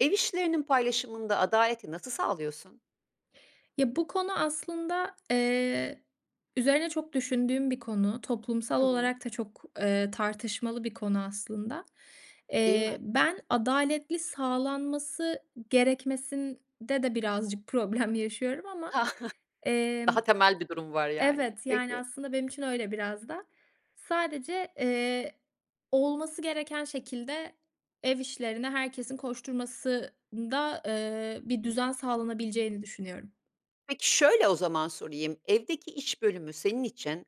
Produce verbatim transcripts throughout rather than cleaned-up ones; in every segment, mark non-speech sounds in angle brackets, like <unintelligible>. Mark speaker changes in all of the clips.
Speaker 1: Ev işlerinin paylaşımında adaleti nasıl sağlıyorsun?
Speaker 2: Ya, bu konu aslında, eee, üzerine çok düşündüğüm bir konu, toplumsal
Speaker 1: Hı hı.
Speaker 2: olarak da çok, eee, tartışmalı bir konu aslında.
Speaker 1: Değil
Speaker 2: Eee,
Speaker 1: mi?
Speaker 2: ben adaletli sağlanması gerekmesinde de birazcık problem yaşıyorum ama,
Speaker 1: <chuckles>
Speaker 2: emm,
Speaker 1: Daha temel bir durum var yani,
Speaker 2: evet, yani,
Speaker 1: peki.
Speaker 2: aslında benim için öyle biraz da. Sadece, eee, olması gereken şekilde ev işlerine herkesin koşturmasında, ııı, bir düzen sağlanabileceğini düşünüyorum.
Speaker 1: Peki, şöyle o zaman sorayım. Evdeki iş bölümü senin için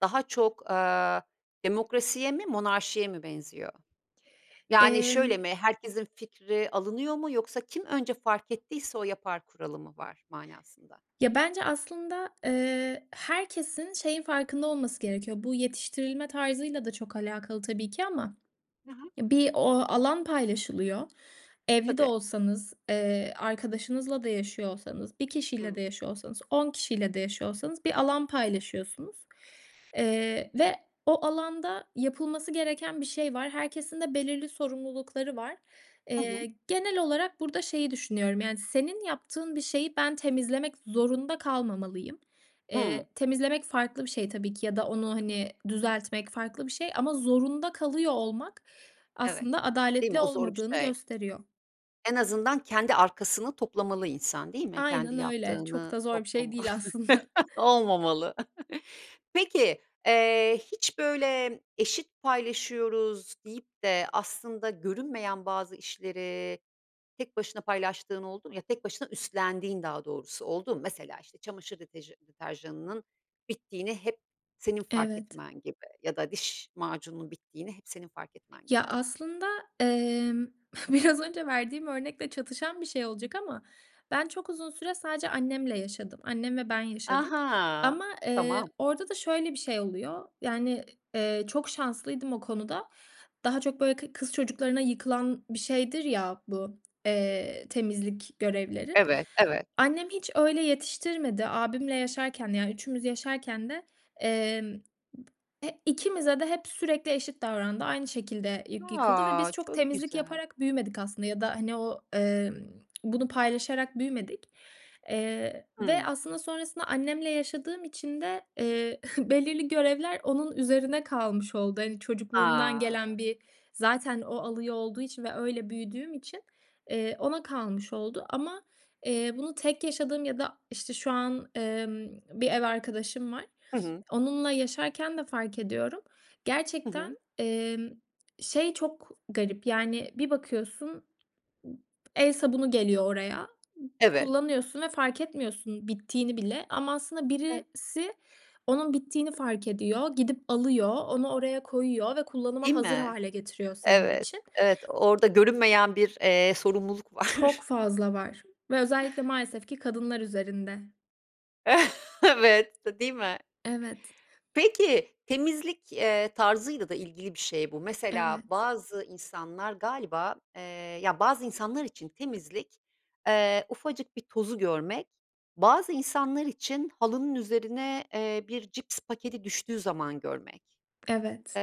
Speaker 1: daha çok, aaa, demokrasiye mi, monarşiye mi benziyor? Yani, şöyle
Speaker 2: Emm
Speaker 1: mi? Herkesin fikri alınıyor mu yoksa kim önce fark ettiyse o yapar kuralı mı var manasında?
Speaker 2: Ya, bence aslında, eee, herkesin şeyin farkında olması gerekiyor. Bu yetiştirilme tarzıyla da çok alakalı tabii ki ama
Speaker 1: Hı hı.
Speaker 2: bir o alan paylaşılıyor. Evli de
Speaker 1: Tabii.
Speaker 2: olsanız, eee, arkadaşınızla da yaşıyor olsanız, bir kişiyle de
Speaker 1: Hı.
Speaker 2: yaşıyor olsanız, on kişiyle de yaşıyor olsanız bir alan paylaşıyorsunuz. Eee, ve o alanda yapılması gereken bir şey var. Herkesin de belirli sorumlulukları var.
Speaker 1: Hı hı.
Speaker 2: Eee, genel olarak burada şeyi düşünüyorum, yani, senin yaptığın bir şeyi ben temizlemek zorunda kalmamalıyım.
Speaker 1: Hıı.
Speaker 2: Eee, temizlemek farklı bir şey tabii ki ya da onu, hani, düzeltmek farklı bir şey ama zorunda kalıyor olmak
Speaker 1: Evet,
Speaker 2: aslında
Speaker 1: değil mi?
Speaker 2: adaletli
Speaker 1: O zor bir
Speaker 2: olmadığını
Speaker 1: şey.
Speaker 2: gösteriyor.
Speaker 1: En azından kendi arkasını toplamalı insan, değil mi? Kendi
Speaker 2: Aynen öyle, çok
Speaker 1: yaptığını
Speaker 2: da zor bir şey
Speaker 1: toplama
Speaker 2: değil aslında.
Speaker 1: <laughs> Olmamalı. Peki, eee, hiç, böyle, eşit paylaşıyoruz deyip de aslında görünmeyen bazı işleri tek başına paylaştığın oldu mu? Ya, tek başına üstlendiğin daha doğrusu, oldu mu? Mesela, işte, çamaşır deteja deterjanının bittiğini hep senin fark
Speaker 2: Evet.
Speaker 1: etmen gibi ya da diş macununun bittiğini hep senin fark etmen
Speaker 2: Ya
Speaker 1: gibi.
Speaker 2: aslında, emm, biraz önce verdiğim örnekle çatışan bir şey olacak ama ben çok uzun süre sadece annemle yaşadım. Annem ve ben yaşadık
Speaker 1: Aha,
Speaker 2: ama, eee,
Speaker 1: tamam.
Speaker 2: orada da şöyle bir şey oluyor. Yani, eee, çok şanslıydım o konuda. Daha çok, böyle, kı kız çocuklarına yıkılan bir şeydir ya bu, eee, temizlik görevleri.
Speaker 1: Evet, evet.
Speaker 2: Annem hiç öyle yetiştirmedi. Abimle yaşarken de, yani, üçümüz yaşarken de, emm, he ikimize de hep sürekli eşit davrandı. Aynı şekilde yı yıkıldı ve
Speaker 1: A,
Speaker 2: biz çok
Speaker 1: çok
Speaker 2: temizlik
Speaker 1: güzel.
Speaker 2: yaparak büyümedik aslında ya da, hani, o, ımm, <clicks tongue> bunu paylaşarak büyümedik, eee, ve
Speaker 1: Hıı.
Speaker 2: aslında sonrasında annemle yaşadığım için de, eee, <scoffs> belirli görevler onun üzerine kalmış oldu. Hani, çocukluğumdan
Speaker 1: A!
Speaker 2: gelen bir zaten o alıyor olduğu için ve öyle büyüdüğüm için, eee, ona kalmış oldu ama, eee, bunu tek yaşadığım ya da, işte, şu an, emm, bir ev arkadaşım var,
Speaker 1: Hı hı.
Speaker 2: <sniffs> onunla yaşarken de fark ediyorum.
Speaker 1: Hı
Speaker 2: Gerçekten,
Speaker 1: hı.
Speaker 2: emm, şey çok garip. Yani, bir bakıyorsun ı el sabunu geliyor oraya,
Speaker 1: Evet.
Speaker 2: kullanıyorsun ve fark etmiyorsun bittiğini bile ama aslında
Speaker 1: <unintelligible>
Speaker 2: birisi onun bittiğini fark ediyor, gidip alıyor, onu oraya koyuyor ve kullanıma
Speaker 1: Değil
Speaker 2: hazır
Speaker 1: mi?
Speaker 2: hâle getiriyor senin
Speaker 1: Evet,
Speaker 2: için.
Speaker 1: evet, orada görünmeyen bir, eee, sorumluluk var.
Speaker 2: Çok fazla var ve özellikle maalesef ki kadınlar üzerinde.
Speaker 1: <chuckles> Evet, de değil mi?
Speaker 2: Evet.
Speaker 1: Peki, temizlik, eee, tarzıyla da ilgili bir şey bu. Mesela,
Speaker 2: Evet.
Speaker 1: bazı insanlar galiba, eee, ya, bazı insanlar için temizlik, eee, ufacık bir tozu görmek, bazı insanlar için halının üzerine, eee, bir cips paketi düştüğü zaman görmek.
Speaker 2: Evet.
Speaker 1: Eee,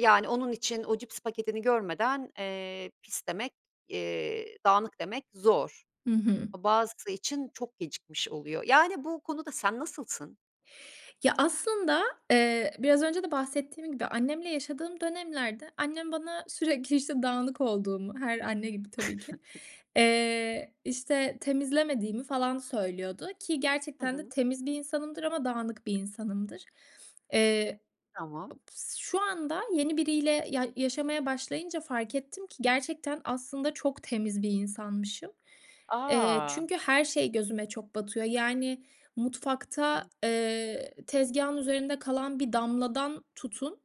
Speaker 1: yani, onun için o cips paketini görmeden, eee, pis demek, eee, dağınık demek zor.
Speaker 2: Hı hı.
Speaker 1: A bazısı için çok gecikmiş oluyor. Yani, bu konuda sen nasılsın?
Speaker 2: Ya, aslında, eee, biraz önce de bahsettiğim gibi annemle yaşadığım dönemlerde annem bana sürekli, işte, dağınık olduğumu, her anne gibi tabii ki,
Speaker 1: <chuckles>
Speaker 2: eee, işte, temizlemediğimi, falan, söylüyordu ki
Speaker 1: Hı
Speaker 2: gerçekten de
Speaker 1: hı.
Speaker 2: temiz bir insanımdır ama dağınık bir insanımdır. <sniffs> Eee,
Speaker 1: Tamam.
Speaker 2: ob s şu anda yeni biriyle ya yaşamaya başlayınca fark ettim ki gerçekten, aslında, çok temiz bir insanmışım. Eee,
Speaker 1: A!
Speaker 2: çünkü her şey gözüme çok batıyor. Yani, mutfakta,
Speaker 1: Hı.
Speaker 2: eee, tezgâhın üzerinde kalan bir damladan tutun,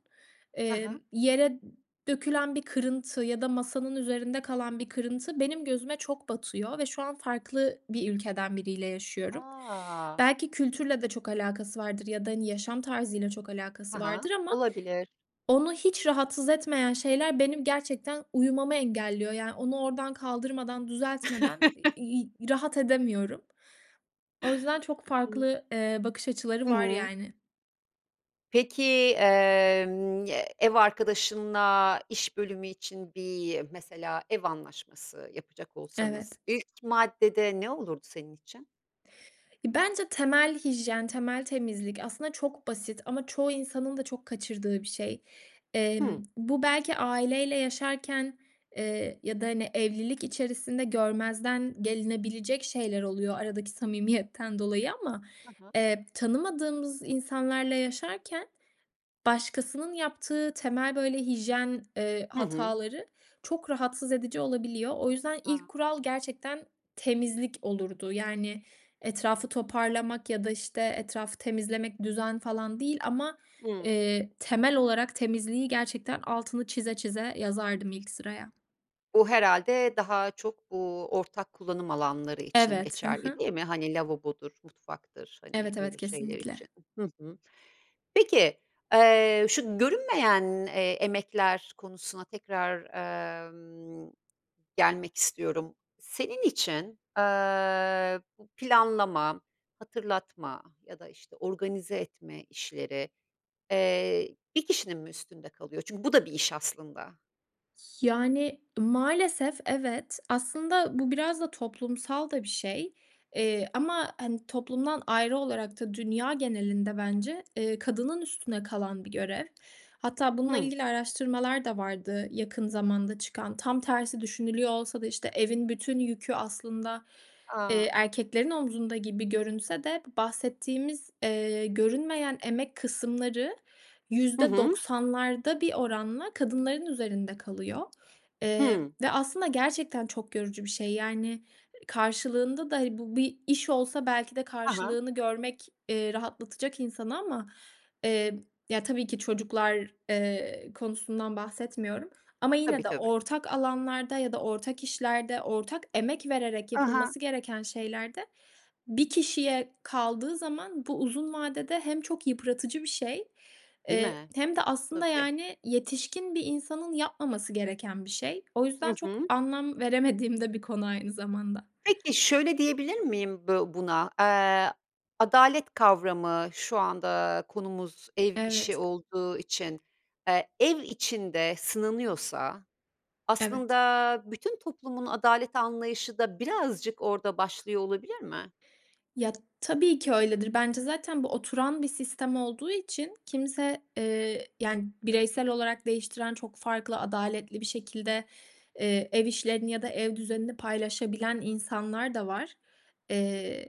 Speaker 1: Ha
Speaker 2: emm,
Speaker 1: ha.
Speaker 2: yere dökülen bir kırıntı ya da masanın üzerinde kalan bir kırıntı, benim gözüme çok batıyor ve şu an farklı bir ülkeden biriyle yaşıyorum.
Speaker 1: A!
Speaker 2: Belki kültürle de çok alakası vardır ya da, hani, yaşam tarzıyla çok alakası
Speaker 1: Ha ha,
Speaker 2: vardır ama
Speaker 1: olabilir.
Speaker 2: onu hiç rahatsız etmeyen şeyler benim gerçekten uyumamı engelliyor, yani, onu oradan kaldırmadan, düzeltmeden, i
Speaker 1: <chuckles>
Speaker 2: iii, rahat edemiyorum. O yüzden çok
Speaker 1: Hı.
Speaker 2: farklı, eee, bakış açıları
Speaker 1: Hı
Speaker 2: var,
Speaker 1: hı.
Speaker 2: yani.
Speaker 1: Peki, emm, eee, ev arkadaşınla iş bölümü için bir mesela ev anlaşması yapacak olsanız,
Speaker 2: Evet.
Speaker 1: ilk maddede ne olurdu senin için?
Speaker 2: Bence temel hijyen, temel temizlik aslında çok basit ama çoğu insanın da çok kaçırdığı bir şey.
Speaker 1: Hıh.
Speaker 2: Emm, bu belki aileyle yaşarken, eee, ya da, hani, evlilik içerisinde görmezden gelinebilecek şeyler oluyor aradaki samimiyetten dolayı ama,
Speaker 1: Hı hı.
Speaker 2: eee, tanımadığımız insanlarla yaşarken, başkasının yaptığı temel, böyle, hijyen, eee,
Speaker 1: Hı hı.
Speaker 2: hataları çok rahatsız edici olabiliyor. O yüzden ilk
Speaker 1: Ha.
Speaker 2: kural gerçekten temizlik olurdu, yani, etrafı toparlamak ya da, işte, etrafı temizlemek, düzen falan değil ama,
Speaker 1: Hımm.
Speaker 2: eee, temel olarak temizliği gerçekten altını çize çize yazardım ilk sıraya.
Speaker 1: Bu herhâlde daha çok bu ortak kullanım alanları için
Speaker 2: Evet, hı
Speaker 1: geçerli,
Speaker 2: hı.
Speaker 1: değil mi? Hani, lavabodur, mutfaktır, hani,
Speaker 2: Evet, evet,
Speaker 1: öyle şeyler
Speaker 2: kesinlikle.
Speaker 1: için. Hı hı. Peki, eee, şu görünmeyen, eee, emekler konusuna tekrar, emm, gelmek istiyorum. Senin için, aaa, bu planlama, hatırlatma ya da, işte, organize etme işleri, eee, bir kişinin mi üstünde kalıyor? Çünkü bu da bir iş aslında.
Speaker 2: Yani, maalesef evet. Aslında, bu biraz da toplumsal da bir şey. Eee, ama, hani, toplumdan ayrı olarak da dünya genelinde bence, eee, kadının üstüne kalan bir görev. Hatta bununla
Speaker 1: Hı.
Speaker 2: ilgili araştırmalar da vardı yakın zamanda çıkan. Tam tersi düşünülüyor olsa da, işte, evin bütün yükü, aslında, eee,
Speaker 1: A!
Speaker 2: erkeklerin omzunda gibi görünse de bu bahsettiğimiz, eee, görünmeyen emek kısımları
Speaker 1: Hı
Speaker 2: yüzde
Speaker 1: hı.
Speaker 2: doksanlarda bir oranla kadınların üzerinde kalıyor, eee,
Speaker 1: Hı.
Speaker 2: ve aslında gerçekten çok yorucu bir şey. Yani, karşılığında da, hani, bu bir iş olsa belki de
Speaker 1: Hı hı.
Speaker 2: karşılığını görmek, eee, rahatlatacak insanı ama, eee, ya, tabii ki, çocuklar, eee, konusundan bahsetmiyorum. Ama
Speaker 1: Tabii,
Speaker 2: yine de
Speaker 1: tabii.
Speaker 2: ortak alanlarda ya da ortak işlerde ortak emek vererek
Speaker 1: Hı hı.
Speaker 2: yapılması gereken şeylerde bir kişiye kaldığı zaman bu uzun vadede hem çok yıpratıcı bir şey,
Speaker 1: Değil
Speaker 2: eee,
Speaker 1: mi?
Speaker 2: hem de aslında,
Speaker 1: Tabii.
Speaker 2: yani, yetişkin bir insanın yapmaması gereken bir şey. O
Speaker 1: Hı
Speaker 2: yüzden çok
Speaker 1: hı.
Speaker 2: anlam veremediğim de bir konu aynı zamanda.
Speaker 1: Peki, şöyle diyebilir miyim bö buna? Eee, adalet kavramı şu anda konumuz ev işi
Speaker 2: Evet.
Speaker 1: olduğu için, eee, ev içinde sınanıyorsa,
Speaker 2: Evet.
Speaker 1: aslında, bütün toplumun adalet anlayışı da birazcık orada başlıyor olabilir mi?
Speaker 2: Ya, tabii ki öyledir. Bence zaten bu oturan bir sistem olduğu için kimse, eee, yani, bireysel olarak değiştiren çok farklı adaletli bir şekilde, eee, ev işlerini ya da ev düzenini paylaşabilen insanlar da var. Eee,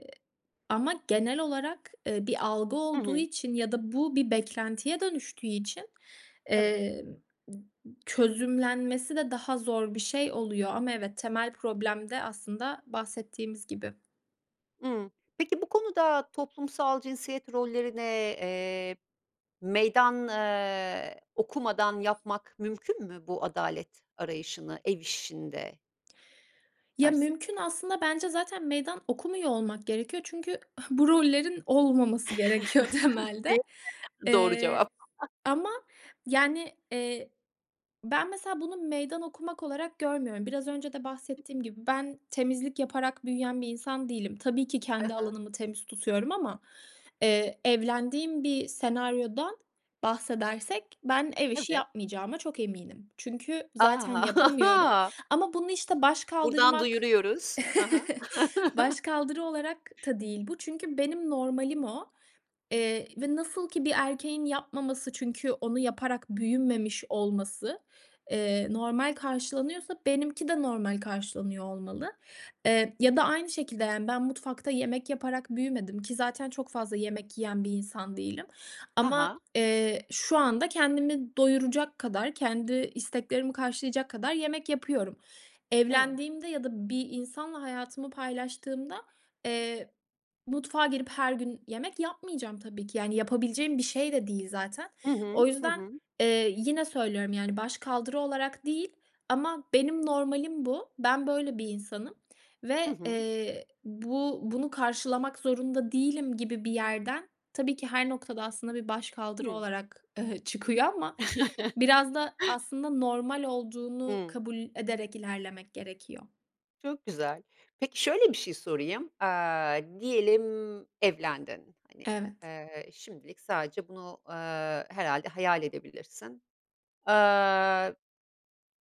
Speaker 2: ama genel olarak, eee, bir algı
Speaker 1: Hı
Speaker 2: olduğu
Speaker 1: hı.
Speaker 2: için ya da bu bir beklentiye dönüştüğü için,
Speaker 1: Evet.
Speaker 2: eee, ı ı çözümlenmesi de daha zor bir şey oluyor. Ama evet, temel problem de aslında bahsettiğimiz gibi.
Speaker 1: Imm. Peki, bu konuda toplumsal cinsiyet rollerine, eee, meydan, aaa, okumadan yapmak mümkün mü bu adalet arayışını ev işinde?
Speaker 2: Ya,
Speaker 1: Dersek.
Speaker 2: mümkün, aslında, bence zaten meydan okumuyor olmak gerekiyor çünkü <scoffs> bu rollerin olmaması gerekiyor
Speaker 1: <chuckles>
Speaker 2: temelde.
Speaker 1: Değil mi? Doğru cevap.
Speaker 2: Eee,
Speaker 1: <chuckles>
Speaker 2: ama, yani, eee, ben, mesela, bunu meydan okumak olarak görmüyorum. Biraz önce de bahsettiğim gibi ben temizlik yaparak büyüyen bir insan değilim. Tabii ki
Speaker 1: Hı
Speaker 2: kendi
Speaker 1: hı.
Speaker 2: alanımı temiz tutuyorum ama, eee, evlendiğim bir senaryoda bahsedersek ben ev işi
Speaker 1: Evet.
Speaker 2: yapmayacağıma çok eminim. Çünkü
Speaker 1: A!
Speaker 2: zaten
Speaker 1: <chuckles>
Speaker 2: yapamıyorum
Speaker 1: A.
Speaker 2: ama bunu, işte,
Speaker 1: Buradan
Speaker 2: başkaldırmak
Speaker 1: duyuruyoruz. Ha ha.
Speaker 2: <chuckles>
Speaker 1: <chuckles>
Speaker 2: başkaldırı olarak da değil bu. Çünkü benim normalim o, eee, ve nasıl ki bir erkeğin yapmaması çünkü onu yaparak büyümemiş olması, eee, normal karşılanıyorsa benimki de normal karşılanıyor olmalı, eee, ya da aynı şekilde, yani, ben mutfakta yemek yaparak büyümedim ki zaten çok fazla yemek yiyen bir insan değilim
Speaker 1: Ha
Speaker 2: ama,
Speaker 1: ha.
Speaker 2: eee, şu anda kendimi doyuracak kadar, kendi isteklerimi karşılayacak kadar yemek yapıyorum.
Speaker 1: Evet.
Speaker 2: Evlendiğimde ya da bir insanla hayatımı paylaştığımda, eee, mutfağa girip her gün yemek yapmayacağım tabii ki. Yani, yapabileceğim bir şey de değil zaten.
Speaker 1: Hı hı.
Speaker 2: O
Speaker 1: Hı
Speaker 2: yüzden,
Speaker 1: hı.
Speaker 2: eee, yine söylüyorum, yani, başkaldırı olarak değil ama benim normalim bu. Ben böyle bir insanım
Speaker 1: Hı
Speaker 2: ve,
Speaker 1: hı.
Speaker 2: eee, bu bunu karşılamak zorunda değilim gibi bir yerden tabii ki her noktada aslında bir başkaldırı
Speaker 1: Hımm.
Speaker 2: olarak, eee, çıkıyor ama
Speaker 1: <chuckles>
Speaker 2: biraz da, aslında, normal olduğunu
Speaker 1: Hımm.
Speaker 2: kabul ederek ilerlemek gerekiyor.
Speaker 1: Çok güzel. Peki, şöyle bir şey sorayım. Aaa, diyelim, evlendin. Hani,
Speaker 2: Evet.
Speaker 1: eee, şimdilik sadece bunu, aaa, herhâlde hayal edebilirsin. Aaa,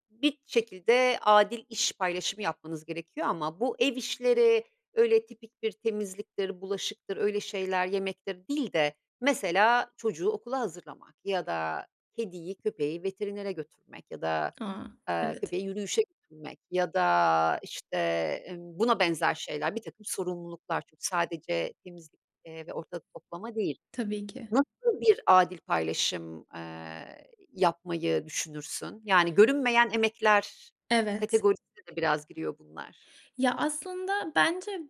Speaker 1: bir şekilde adil iş paylaşımı yapmanız gerekiyor ama bu ev işleri öyle tipik bir temizliktir, bulaşıktır, öyle şeyler yemektir değil de mesela çocuğu okula hazırlamak ya da kediyi, köpeği veterinere götürmek ya da,
Speaker 2: A.
Speaker 1: aaa,
Speaker 2: Evet.
Speaker 1: köpeği yürüyüşe götürmek ya da, işte, ımm, buna benzer şeyler, birtakım sorumluluklar çünkü sadece temizlik ve ortalık toplama değil.
Speaker 2: Tabii ki.
Speaker 1: Nasıl bir adil paylaşım, eee, yapmayı düşünürsün? Yani, görünmeyen emekler
Speaker 2: Evet.
Speaker 1: kategorisine de biraz giriyor bunlar.
Speaker 2: Ya, aslında, bence b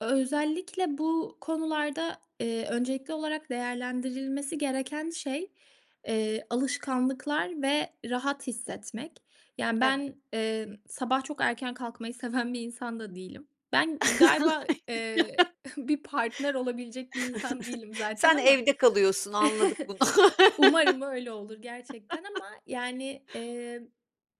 Speaker 2: özellikle bu konularda, eee, öncelikli olarak değerlendirilmesi gereken şey, eee, alışkanlıklar ve rahat hissetmek. Yani,
Speaker 1: Evet.
Speaker 2: ben, eee, sabah çok erken kalkmayı seven bir insan da değilim. Ben, galiba, eee,
Speaker 1: <laughs>
Speaker 2: <giggles> bir partner olabilecek bir insan
Speaker 1: <chuckles>
Speaker 2: değilim zaten
Speaker 1: Sen
Speaker 2: ama
Speaker 1: evde kalıyorsun, anladık
Speaker 2: <chuckles>
Speaker 1: bunu.
Speaker 2: umarım öyle olur gerçekten
Speaker 1: <laughs>
Speaker 2: ama, yani, eee,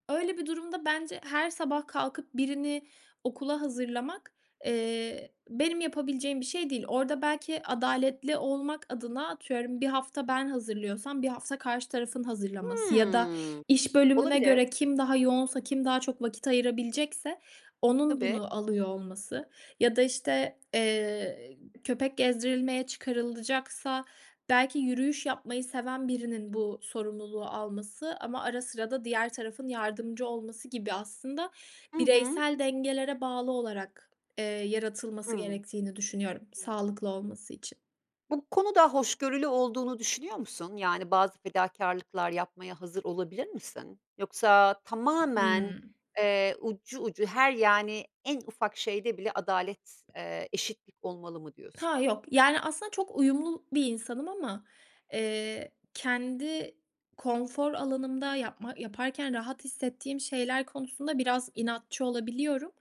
Speaker 2: öyle bir durumda bence her sabah kalkıp birini okula hazırlamak, eee, benim yapabileceğim bir şey değil. Orada, belki, adaletli olmak adına, atıyorum, bir hafta ben hazırlıyorsam bir hafta karşı tarafın hazırlaması ya da
Speaker 1: Hımm.
Speaker 2: iş bölümüne
Speaker 1: Olabilir.
Speaker 2: göre kim daha yoğunsa, kim daha çok vakit ayırabilecekse onun
Speaker 1: Tabii.
Speaker 2: bunu alıyor olması ya da, işte, eee, köpek gezdirilmeye çıkarılacaksa belki yürüyüş yapmayı seven birinin bu sorumluluğu alması. Ama ara sıra da diğer tarafın yardımcı olması gibi, aslında,
Speaker 1: Hı hı.
Speaker 2: bireysel dengelere bağlı olarak, eee, yaratılması
Speaker 1: Hıı.
Speaker 2: gerektiğini düşünüyorum
Speaker 1: Hı.
Speaker 2: sağlıklı olması için.
Speaker 1: Bu konuda hoşgörülü olduğunu düşünüyor musun? Yani, bazı fedakârlıklar yapmaya hazır olabilir misin? Yoksa tamamen,
Speaker 2: Hıı.
Speaker 1: eee, ucu ucu her yani, en ufak şeyde bile adalet, eee, eşitlik olmalı mı diyorsun?
Speaker 2: Ha, yok. Yani, aslında, çok uyumlu bir insanım ama, eee, kendi konfor alanımda yapma yaparken rahat hissettiğim şeyler konusunda biraz inatçı olabiliyorum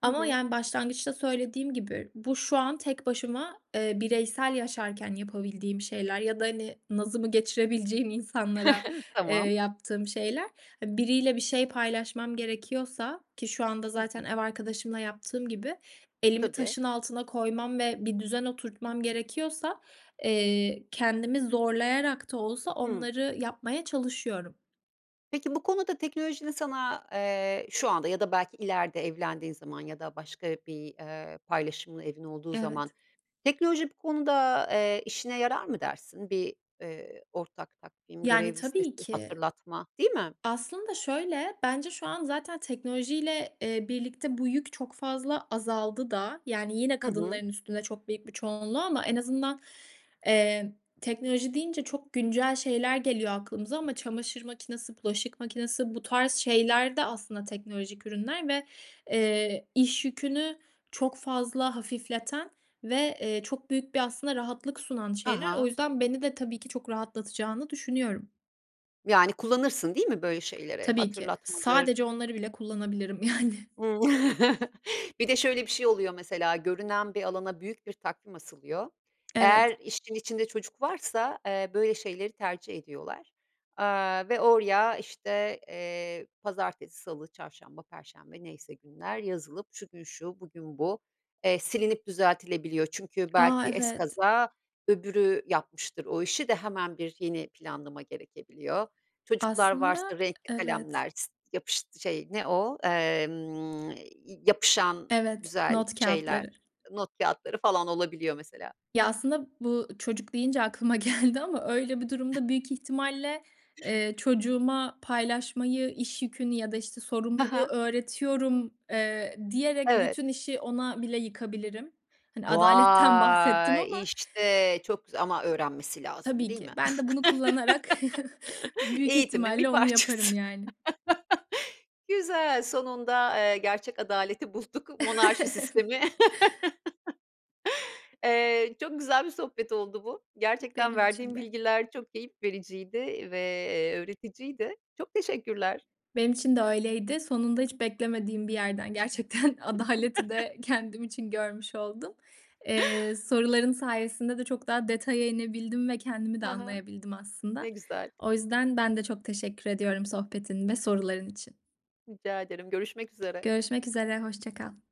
Speaker 1: Hı
Speaker 2: ama,
Speaker 1: hı.
Speaker 2: yani, başlangıçta söylediğim gibi bu şu an tek başıma, eee, bireysel yaşarken yapabildiğim şeyler ya da, hani, nazımı geçirebileceğim insanlara,
Speaker 1: <chuckles>
Speaker 2: eee,
Speaker 1: Tamam.
Speaker 2: yaptığım şeyler. <unintelligible> Biriyle bir şey paylaşmam gerekiyorsa ki şu anda
Speaker 1: Hı
Speaker 2: zaten
Speaker 1: hı.
Speaker 2: ev arkadaşımla yaptığım gibi elimi
Speaker 1: Tabii.
Speaker 2: taşın altına koymam ve bir düzen oturtmam gerekiyorsa, eee, kendimi zorlayarak da olsa
Speaker 1: Hı.
Speaker 2: onları yapmaya çalışıyorum.
Speaker 1: Peki, bu konuda teknolojinin sana, eee, şu anda ya da belki ileride evlendiğin zaman ya da başka bir, eee, paylaşımlı evin olduğu zaman,
Speaker 2: Evet.
Speaker 1: teknoloji bu konuda, eee, işine yarar mı dersin? Bir, eee, ortak takvim,
Speaker 2: Yani,
Speaker 1: görev
Speaker 2: tabii
Speaker 1: listesi,
Speaker 2: ki.
Speaker 1: hatırlatma, değil mi?
Speaker 2: Aslında, şöyle, bence şu an zaten teknolojiyle, eee, birlikte bu yük çok fazla azaldı da. Yani, yine
Speaker 1: Hı hı.
Speaker 2: kadınların üstüne çok büyük bir çoğunluğu ama en azından, eee, teknoloji deyince çok güncel şeyler geliyor aklımıza ama çamaşır makinesi, bulaşık makinesi, bu tarz şeyler de, aslında, teknolojik ürünler ve, eee, iş yükünü çok fazla hafifleten ve, eee, çok büyük bir, aslında, rahatlık sunan
Speaker 1: Ha
Speaker 2: şeyler. O
Speaker 1: ha.
Speaker 2: yüzden beni de, tabii ki, çok rahatlatacağını düşünüyorum.
Speaker 1: Yani, kullanırsın, değil mi böyle şeyleri?
Speaker 2: Tabii ki.
Speaker 1: Hatırlatmadır
Speaker 2: Sadece onları bile kullanabilirim, yani.
Speaker 1: Hımm. <chuckles> Bir de şöyle bir şey oluyor mesela, görünen bir alana büyük bir takvim asılıyor. Eğer
Speaker 2: Evet.
Speaker 1: işin içinde çocuk varsa, eee, böyle şeyleri tercih ediyorlar, aaa, ve oraya, işte, eee, pazartesi, salı, çarşamba, perşembe neyse günler, yazılıp şu gün şu, bugün bu. Eee, silinip düzeltilebiliyor çünkü
Speaker 2: A!
Speaker 1: belki
Speaker 2: Evet.
Speaker 1: ezkaza öbürü yapmıştır o işi de hemen bir yeni planlama gerekebiliyor. Çocuklar
Speaker 2: Aslında
Speaker 1: varsa renkli
Speaker 2: Evet.
Speaker 1: kalemler yapıştı şey ne o? Emm, yapışan
Speaker 2: Evet,
Speaker 1: güzel
Speaker 2: not
Speaker 1: şeyler,
Speaker 2: kâğıtları.
Speaker 1: not kâğıtları falan olabiliyor mesela.
Speaker 2: Ya, aslında bu, "çocuk" deyince aklıma geldi ama öyle bir durumda büyük ihtimalle, eee, "Çocuğuma paylaşmayı, iş yükünü ya da, işte,
Speaker 1: Ha
Speaker 2: sorumluluğu
Speaker 1: ha.
Speaker 2: öğretiyorum." eee, diyerek,
Speaker 1: Evet.
Speaker 2: bütün işi ona bile yıkabilirim. Hani, adaletten bahsettim
Speaker 1: Vay!
Speaker 2: ama.
Speaker 1: İşte, çok güzel ama öğrenmesi lazım,
Speaker 2: Tabii
Speaker 1: değil
Speaker 2: ki.
Speaker 1: mi?
Speaker 2: Ben de bunu kullanarak <chuckles>
Speaker 1: <laughs>
Speaker 2: büyük
Speaker 1: Eğitimin
Speaker 2: ihtimalle
Speaker 1: bir
Speaker 2: onu yaparım,
Speaker 1: parçası.
Speaker 2: yani.
Speaker 1: <laughs> Güzel. Sonunda, eee, gerçek adaleti bulduk. Monarşi
Speaker 2: <chuckles> Evet.
Speaker 1: sistemi. <laughs> Eee, çok güzel bir sohbet oldu bu. Gerçekten
Speaker 2: Benim için
Speaker 1: verdiğin
Speaker 2: de.
Speaker 1: bilgiler çok keyif vericiydi ve, eee, öğreticiydi. Çok teşekkürler.
Speaker 2: Benim için de öyleydi. Sonunda hiç beklemediğim bir yerden gerçekten adaleti de
Speaker 1: <chuckles>
Speaker 2: kendim için görmüş oldum. Eee, soruların sayesinde de çok daha detaya inebildim ve kendimi de
Speaker 1: Ha ha.
Speaker 2: anlayabildim aslında.
Speaker 1: Ne güzel.
Speaker 2: O yüzden ben de çok teşekkür ediyorum sohbetin ve soruların için.
Speaker 1: Rica ederim. Görüşmek üzere.
Speaker 2: Görüşmek üzere. Hoşça kal.